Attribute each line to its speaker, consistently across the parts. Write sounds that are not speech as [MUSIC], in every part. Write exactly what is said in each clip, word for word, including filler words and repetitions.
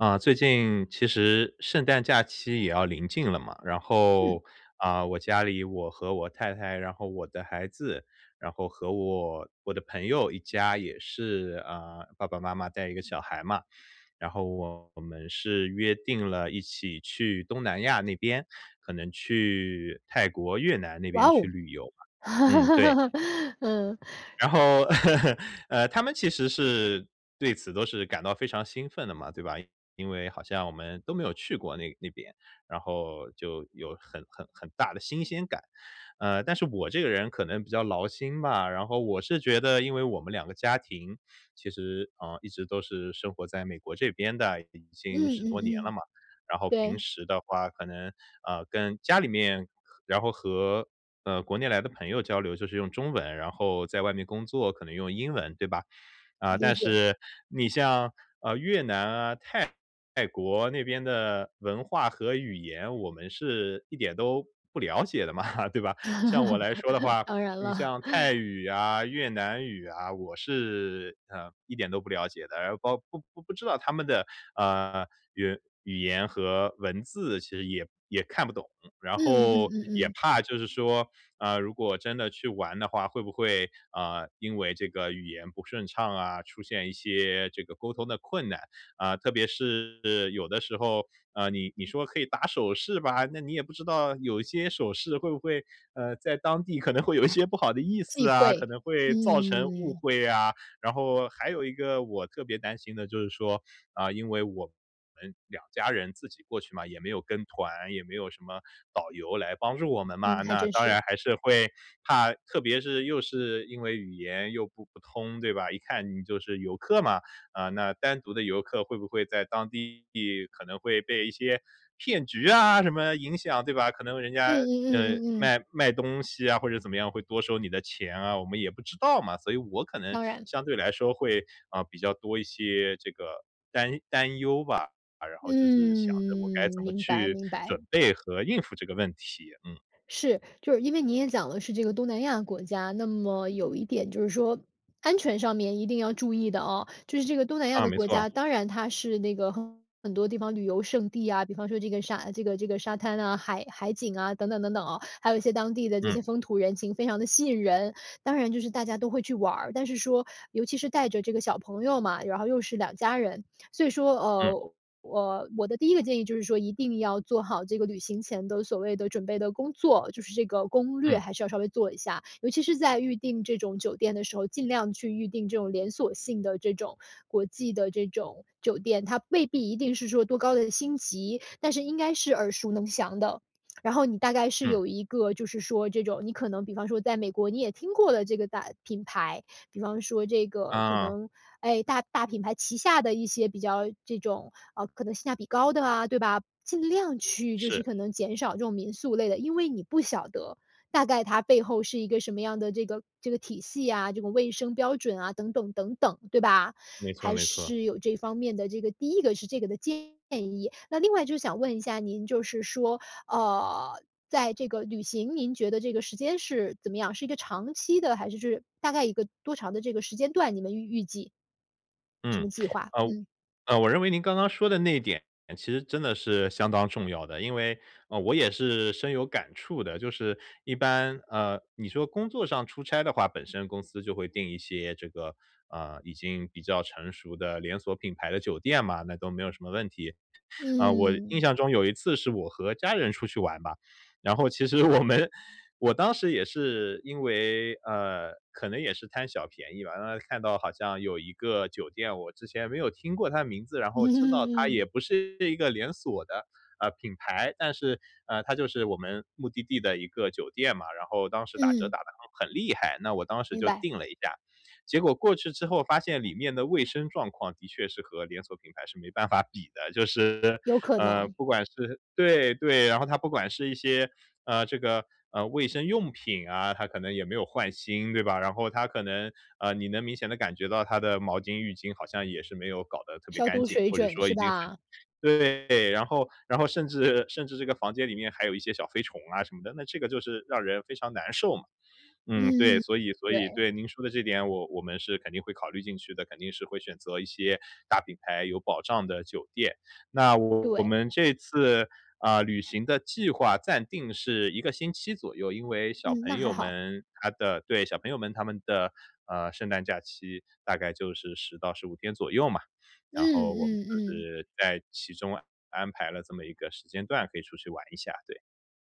Speaker 1: 啊，最近其实圣诞假期也要临近了嘛，然
Speaker 2: 嗯。
Speaker 1: 后，嗯，我家里我和我太太然后我的孩子，然后和我我的朋友一家也是，嗯，爸爸妈妈带一个小孩嘛。然后我们是约定了一起去东南亚那边，可能去泰国、越南那
Speaker 2: 哇
Speaker 1: 边去
Speaker 2: 哦，
Speaker 1: 旅游嘛。嗯，对。
Speaker 2: [LAUGHS] 嗯。
Speaker 1: 然后 [LAUGHS] 呃，他们其实是对此都是感到非常兴奋的嘛，对吧，因为好像我们都没有去过那那边，然后就有很很很大的新鲜感。嗯，但是我这个人可能比较劳心吧，然后我是觉得因为我们两个家庭其实，嗯，一直都是生活在美国这边的，已经
Speaker 2: 嗯
Speaker 1: 十
Speaker 2: 嗯
Speaker 1: 多年了
Speaker 2: 嗯，
Speaker 1: 嘛。然后平
Speaker 2: 对。
Speaker 1: 时的话可能，嗯，跟家里面，然后和，呃，国内来的朋友交流，就是用中文，然后在外面工作，可能用英文对吧。嗯，
Speaker 2: 理
Speaker 1: 但
Speaker 2: 解。
Speaker 1: 是，你像，呃，越南啊，泰国那边的文化和语言，我们是一点都不了解的嘛，对吧？像我来说的
Speaker 2: [LAUGHS]
Speaker 1: 话，
Speaker 2: 当然
Speaker 1: 你
Speaker 2: 了。
Speaker 1: 像泰
Speaker 2: [CHUCKLES]
Speaker 1: 语啊，越南语啊，我是，嗯，一点都不了解的。然后包不不不知道他们的，呃，语语言和文字其实也也看不懂。然
Speaker 2: 嗯嗯
Speaker 1: 后
Speaker 2: 嗯嗯
Speaker 1: 也
Speaker 2: 嗯。
Speaker 1: 怕就是说，嗯，如果真的去玩的话，会不会，呃，因为这个语言不顺畅啊，出现一些这个沟通的困难。嗯，特别是有的时候，呃，你你说可以打手势吧，那你也不知道有一些手势会不会，呃，在当地可能会有一些不好的意
Speaker 2: 忌
Speaker 1: 思啊，
Speaker 2: 讳，
Speaker 1: 可能会造成误
Speaker 2: 嗯。
Speaker 1: 会啊。然后还有一个我特别担心的就是说，嗯，因为我们两家人自己过去嘛，也没有跟团，也没有什么导游来帮助我们嘛，
Speaker 2: 嗯，还
Speaker 1: 那
Speaker 2: 真
Speaker 1: 当
Speaker 2: 是。
Speaker 1: 然还是会，怕特别是又是因为语言又不不通，对吧，一看你就是游客嘛。嗯，那单独的游客会不会在当地可能会被一些骗局啊什么影响对吧？可能人
Speaker 2: 嗯
Speaker 1: 家，
Speaker 2: 嗯
Speaker 1: 呃，
Speaker 2: 嗯嗯嗯。
Speaker 1: 卖卖东西啊，或者怎么样会多收你的钱啊，我们也不知道嘛。所以我可能
Speaker 2: 当然。
Speaker 1: 相对来说会，嗯，比较多一些这个担担忧吧。然后就是想着我该
Speaker 2: 嗯，
Speaker 1: 怎么
Speaker 2: 明白
Speaker 1: 去
Speaker 2: 明白。
Speaker 1: 准备和应付这个问题。嗯。
Speaker 2: 是。就是因为您也讲了是这个东南亚国家，那么有一点就是说，安全上面一定要注意的啊。就是这个东南亚
Speaker 1: 啊，
Speaker 2: 的
Speaker 1: 没
Speaker 2: 国
Speaker 1: 错。
Speaker 2: 家，当然它是那个很多地方旅游胜地啊，比方说这个沙这个这个沙滩呐，海海景啊，等等等等哦。还有一些当地的这
Speaker 1: 嗯。
Speaker 2: 些风土人情非常地吸引人，当然就是大家都会去玩儿。但是说，尤其是带着这个小朋友嘛，然后又是两家人，所以说，
Speaker 1: 嗯。
Speaker 2: 呃，呃，我的第一个建议就是说要做好这个旅行前的所谓的准备的工作，就是这个攻略
Speaker 1: 嗯。
Speaker 2: 还是要稍微做一下。尤其是在预订这种酒店的时候，尽量去预订这种连锁性的这种，国际的这种酒店。它未必一定是说多高的星级，但是应该是耳熟能详的。然后你大概是
Speaker 1: 嗯。
Speaker 2: 有一个就是说这种你可能比方说在美国，你也听过了这个大品牌。比方说这个可
Speaker 1: 嗯。
Speaker 2: 能，哎，大大品牌旗下的一些比较这种，嗯，可能性价比高的啊，对吧。尽量去就是
Speaker 1: 是。
Speaker 2: 可能减少这种民宿类的，因为你不晓得，大概它背后是一个什么样的这个这个体系呀，这个卫生标准啊，等等等等，对吧？
Speaker 1: 没错
Speaker 2: 还
Speaker 1: 没错。
Speaker 2: 是有这方面的这个第一个是这个的建议。那另外就想问一下您，就是说，呃，在这个旅行，您觉得这个时间是怎么样？是一个长期的还是就是大概一个多长的这个时间段，你们预预计？什
Speaker 1: 嗯。
Speaker 2: 么计划，
Speaker 1: 呃，我
Speaker 2: 嗯。
Speaker 1: 呃，我认为您刚刚说的那一点其实真的是相当重要的，因为，嗯，我也是深有感触的。就是一般，饿，你说工作上出差的话，本身公司就会定一些这个，嗯，已经比较成熟的连锁品牌的酒店嘛，那都没有什么问题。嗯，我印
Speaker 2: 嗯。
Speaker 1: 象中有一次是我和家人出去玩嘛，然后其实我们我当时也是因为，呃，可能也是贪小便宜吧，然后看到好像有一个酒店，我之前没有听过它的名字，然后知道它
Speaker 2: 嗯。
Speaker 1: 也不是一个连锁的，呃，品牌。但是，呃，它就是我们目的地的一个酒店嘛，然后当时打折
Speaker 2: 嗯。
Speaker 1: 打得还很厉害，那我当时
Speaker 2: 明
Speaker 1: 就
Speaker 2: 白。
Speaker 1: 订了一下。结果过去之后发现里面的卫生状况的确是和连锁品牌是没办法比的。就是，
Speaker 2: 有可
Speaker 1: 呃，
Speaker 2: 能。
Speaker 1: 不管是对对，然后它不管是一些，嗯，这个，嗯，卫生用品啊，它可能也没有换新，对吧。然后它可能，呃，你能明显地感觉到它的毛巾浴巾好像也是没有搞得特别
Speaker 2: 消
Speaker 1: 干
Speaker 2: 毒
Speaker 1: 净，
Speaker 2: 水
Speaker 1: 或者
Speaker 2: 准
Speaker 1: 说
Speaker 2: 是
Speaker 1: 已经很
Speaker 2: 吧？
Speaker 1: 对，然后然后甚至甚至这个房间里面还有一些小飞虫啊，什么的，那这个就是让人非常难受嘛。嗯，对，
Speaker 2: 嗯，
Speaker 1: 所以所以
Speaker 2: 对。
Speaker 1: 对，您说的这点，我我们是肯定会考虑进去的，肯定是会选择一些大品牌有保障的酒店。那我我
Speaker 2: 对。
Speaker 1: 们这次，嗯，旅行的计划暂定是一个星期左右，因为小
Speaker 2: 嗯，
Speaker 1: 朋
Speaker 2: 那还
Speaker 1: 友
Speaker 2: 好。
Speaker 1: 们他的对，小朋友们他们的，呃，圣诞假期大概就是十到十五天左右嘛，
Speaker 2: 嗯
Speaker 1: 然后我们
Speaker 2: 嗯
Speaker 1: 就
Speaker 2: 嗯。
Speaker 1: 是在其中安排了这么一个时间段，可以出去玩一下，对。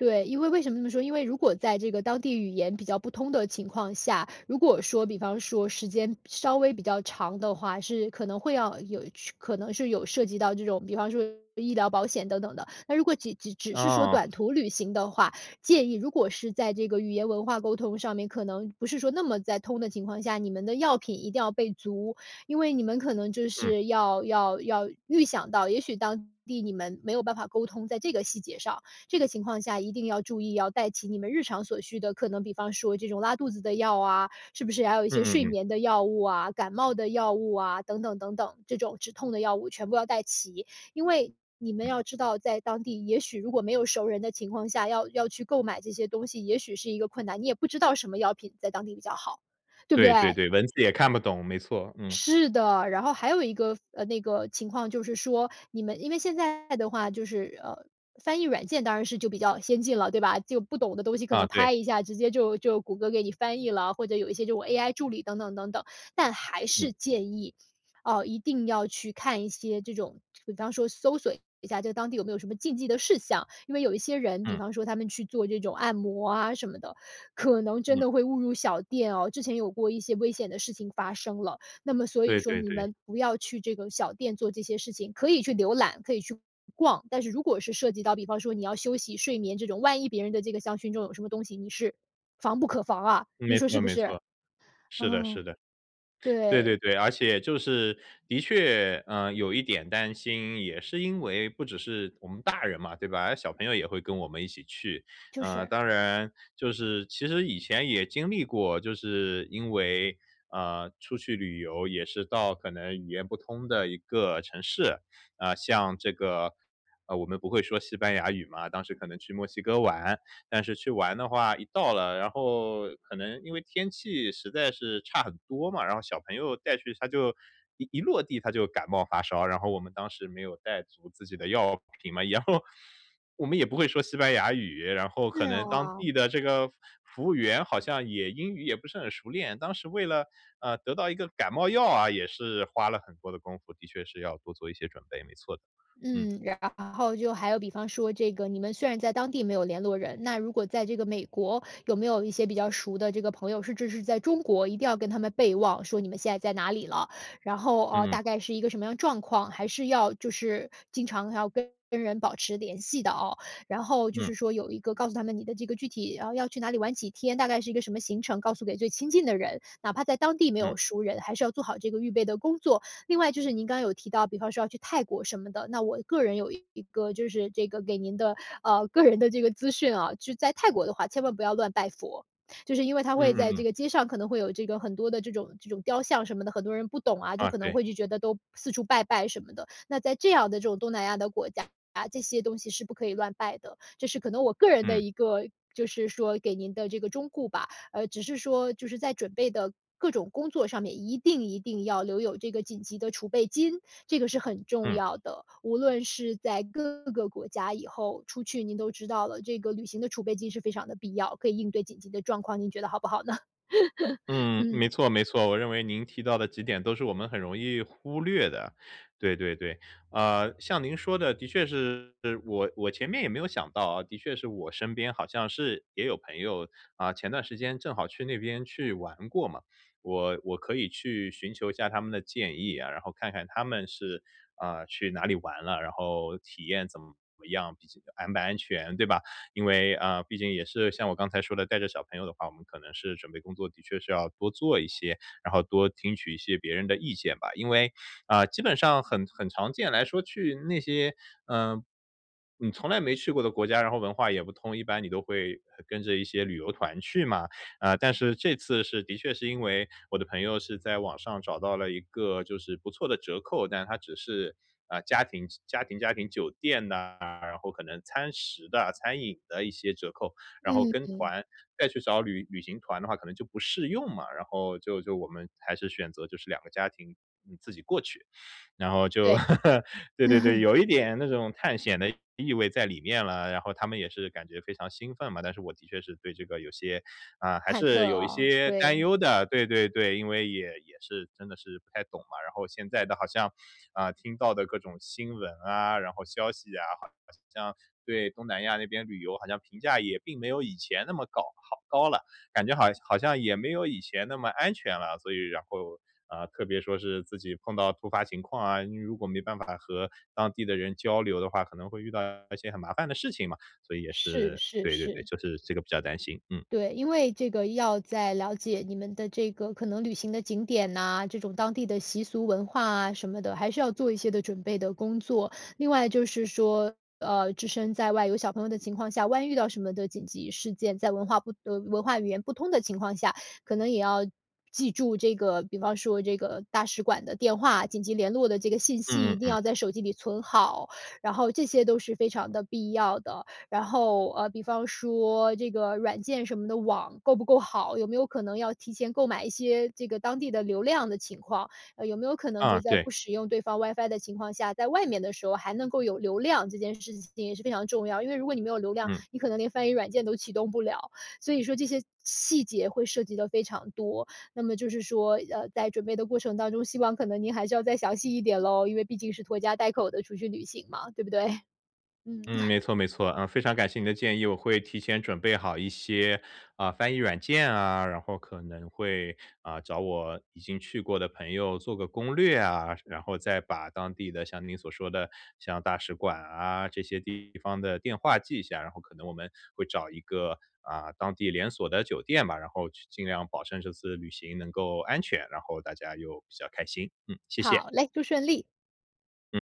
Speaker 2: 对，因为为什么这么说？因为如果在这个当地语言比较不通的情况下，如果说比方说时间稍微比较长的话，是可能会要有是可能是有涉及到这种，比方说医疗保险等等的。那如果只只只是说
Speaker 1: 哦。
Speaker 2: 短途旅行的话，建议如果是在这个语言文化沟通上面，可能不是说那么在通的情况下，你们的药品一定要备足。因为你们可能就
Speaker 1: 嗯。
Speaker 2: 是要要要预想到也许当地你们没有办法沟通，在这个细节上，这个情况下，一定要注意要带齐你们日常所需的，可能比方说这种拉肚子的药啊，是不是还有一些
Speaker 1: 嗯嗯
Speaker 2: 睡
Speaker 1: 嗯。
Speaker 2: 眠的药物啊，感冒的药物啊，等等等等。这种止痛的药物全部要带齐。因为你们
Speaker 1: 嗯。
Speaker 2: 要知道，在当地，也许如果没有熟人的情况下，要要去购买这些东西，也许是一个困难。你也不知道什么药品在当地比较好，对不
Speaker 1: 对对
Speaker 2: 对？
Speaker 1: 对，文字也看不懂，没错，嗯。
Speaker 2: 是的。然后还有一个呃，那个情况就是说，你们因为现在的话，就是，呃，翻译软件当然是就比较先进了，对吧？就不懂的东西可
Speaker 1: 啊，
Speaker 2: 能
Speaker 1: 对。
Speaker 2: 拍一下，直接就就谷歌给你翻译了，或者有一些这种 AI 助理等等等等。但还
Speaker 1: 嗯。
Speaker 2: 是建议，呃，一定要去看一些这种比方说搜索一下在当地有没有什么禁忌的事项。因为有一些人，比
Speaker 1: 嗯。
Speaker 2: 方说他们去做这种按摩啊，什么的，可能真
Speaker 1: 嗯。
Speaker 2: 的会误入小店哦。之前有过一些危险的事情发生了。那么所以
Speaker 1: 对
Speaker 2: 说
Speaker 1: 对
Speaker 2: 你
Speaker 1: 对。
Speaker 2: 们不要去这个小店做这些事情，可以去浏览，可以去逛，但是如果是涉及到，比方说你要休息睡眠这种，万一别人的这个香薰中有什么东西，你是防不可防啊。你
Speaker 1: 没
Speaker 2: 说是
Speaker 1: 错
Speaker 2: 不
Speaker 1: 没
Speaker 2: 是？
Speaker 1: 错。是的是
Speaker 2: 嗯，
Speaker 1: 的。对对
Speaker 2: 对。
Speaker 1: 对，而且就是的确，嗯，有一点担心，也是因为不只是我们大人嘛，对吧，呃，小朋友也会跟我们一起去。
Speaker 2: 就
Speaker 1: 呃，
Speaker 2: 是。
Speaker 1: 当然就是其实以前也经历过，就是因为，嗯，出去旅游也是到可能语言不通的一个城市，啊，像这个，呃，我们不会说西班牙语嘛，当时可能去墨西哥玩。但是去玩的话，一到了，然后可能因为天气实在是差很多嘛，然后小朋友带去他就一一落地，他就感冒发烧，然后我们当时没有带足自己的药品嘛。然后，我们也不会说西班牙语，然后
Speaker 2: 是
Speaker 1: 可能当
Speaker 2: 哦。
Speaker 1: 地的这个服务员好像也英语也不是很熟练。当时为了，呃，得到一个感冒药啊，也是花了很多的功夫，的确是要多做一些准备，没错的。嗯。
Speaker 2: 嗯，然后就还有比方说这个你们虽然在当地没有联络人，那如果在这个美国，有没有一些比较熟的这个朋友，甚至是在中国，一定要跟他们备忘，说你们现在在哪里了。然后，呃，
Speaker 1: 嗯嗯。
Speaker 2: 大概是一个什么样的状况，还是要就是经常要跟跟人保持联系的哦。然后就
Speaker 1: 嗯。
Speaker 2: 是说有一个告诉他们你的这个具体，啊，要去哪里玩几天，大概是一个什么行程告诉给最亲近的人。哪怕在当地没有
Speaker 1: 嗯。
Speaker 2: 熟人，还是要做好这个预备的工作。另外就是您刚有提到，比方说要去泰国什么的，那我个人有一个就是这个给您的，呃，个人的这个资讯啊。就在泰国的话，千万不要乱拜佛。就是因为它
Speaker 1: 嗯
Speaker 2: 会
Speaker 1: 嗯
Speaker 2: 在这
Speaker 1: 嗯。
Speaker 2: 个街上可能会有这个很多的这种这种雕像什么的，很多人不懂啊，就
Speaker 1: 嗯，
Speaker 2: 可能
Speaker 1: 对。
Speaker 2: 会就觉得都四处拜拜什么的。那在这样的这种东南亚的国家，这些东西是不可以乱拜的。这是可能我个人的
Speaker 1: 嗯
Speaker 2: 一个，就是说给您的这个忠雇吧。呃，只是说就是在准备的各种工作上面，一定一定要留有这个紧急的储备金，这个是很重
Speaker 1: 嗯。
Speaker 2: 要的。无论是在各个国家以后出去，您都知道了，这个旅行的储备金是非常的必要，可以应对紧急的状况，您觉得好不好呢？[LAUGHS]
Speaker 1: 嗯，没
Speaker 2: 嗯。
Speaker 1: 错没错，我认为您提到的几点都是我们很容易忽略的。对对对。呃，像您说的的确是我我前面也没有想到啊。的确是我身边好像是也有朋友，嗯，前段时间正好去那边去玩过嘛，我我可以去寻求一下他们的建议啊。然后看看他们是，呃，去哪里玩了，然后体验怎么样，比这个安不安全，对吧？因为，呃，毕竟也是像我刚才说的带着小朋友的话，我们可能是准备工作的确是要多做一些，然后多听取一些别人的意见吧。因为，嗯，基本上很很常见来说去那些，嗯，你从来没去过的国家，然后文化也不通，一般你都会跟着一些旅游团去嘛。嗯，但是这次是的确是因为，我的朋友是在网上找到了一个就是不错的折扣，但是它只是，嗯，家庭家庭家庭酒店呐，然后可能餐食的、餐饮的一些折扣。然后
Speaker 2: 嗯
Speaker 1: 跟
Speaker 2: 嗯。
Speaker 1: 团，再去找旅旅行团的话可能就不适用嘛，然后就就我们还是选择就是两个家庭，嗯，自己过去。然后就
Speaker 2: 对。
Speaker 1: [LAUGHS] 对
Speaker 2: 嗯
Speaker 1: 对对，
Speaker 2: 哼。
Speaker 1: 有一点那种探险的意味在里面了，然后他们也是感觉非常兴奋嘛。但是我的确是对这个有些，嗯，还
Speaker 2: 忐忑
Speaker 1: 是有一
Speaker 2: 啊，
Speaker 1: 些担
Speaker 2: 对。
Speaker 1: 忧的，对对对，因为也也是真的是不太懂嘛。然后现在的好像，呃，听到的各种新闻啊，然后消息啊，好像对东南亚那边旅游好像评价也并没有以前那么搞好高了。感觉好像好像也没有以前那么安全了，所以然后，嗯，特别说是自己碰到突发情况啊，你如果没办法和当地的人交流的话，可能会遇到一些很麻烦的事情嘛，所以也
Speaker 2: 是
Speaker 1: 是
Speaker 2: 是
Speaker 1: 对对对，
Speaker 2: 是。
Speaker 1: 就是这个比较担心。嗯。
Speaker 2: 对，因为这个要在了解你们的这个可能旅行的景点呐，这种当地的习俗文化啊，什么的，还是要做一些的准备的工作。另外就是说，呃，置身在外有小朋友的情况下，万一遇到什么的紧急事件，在文化不的文化语言不通的情况下，可能也要记住这个比方说这个大使馆的电话，紧急联络的这个信息
Speaker 1: 嗯
Speaker 2: 一
Speaker 1: 嗯
Speaker 2: 定
Speaker 1: 嗯。
Speaker 2: 要在手机里存好，然后这些都是非常的必要的。然后，呃，比方说这个软件什么的网够不够好，有没有可能要提前购买一些这个当地的流量的情况。呃，有没有可能就
Speaker 1: 嗯，
Speaker 2: 在
Speaker 1: 对，
Speaker 2: 不使用对方 WIFI 的情况下，在外面的时候还能够有流量，这件事情也是非常重要。因为如果你没有流量，
Speaker 1: 嗯。
Speaker 2: 你可能连翻译软件都启动不了，所以说这些细节会涉及得非常多。那么就是说，呃，在准备的过程当中，希望可能您还是要再详细一点咯，因为毕竟是拖家带口地出去旅行嘛，对不对？嗯。
Speaker 1: 嗯，
Speaker 2: [CHUCKLES]
Speaker 1: 没错没错。嗯，非常感谢你的建议，我会提前准备好一些，呃，翻译软件啊，然后可能会，呃，找我已经去过的朋友做个攻略啊。然后再把当地的像您所说的，像大使馆啊，这些地方的电话记一下，然后可能我们会找一个，呃，当地连锁的酒店吧。然后去尽量保证这次旅行能够安全，然后大家又比较开心。嗯，谢谢。
Speaker 2: 好嘞，祝顺利。
Speaker 1: 嗯。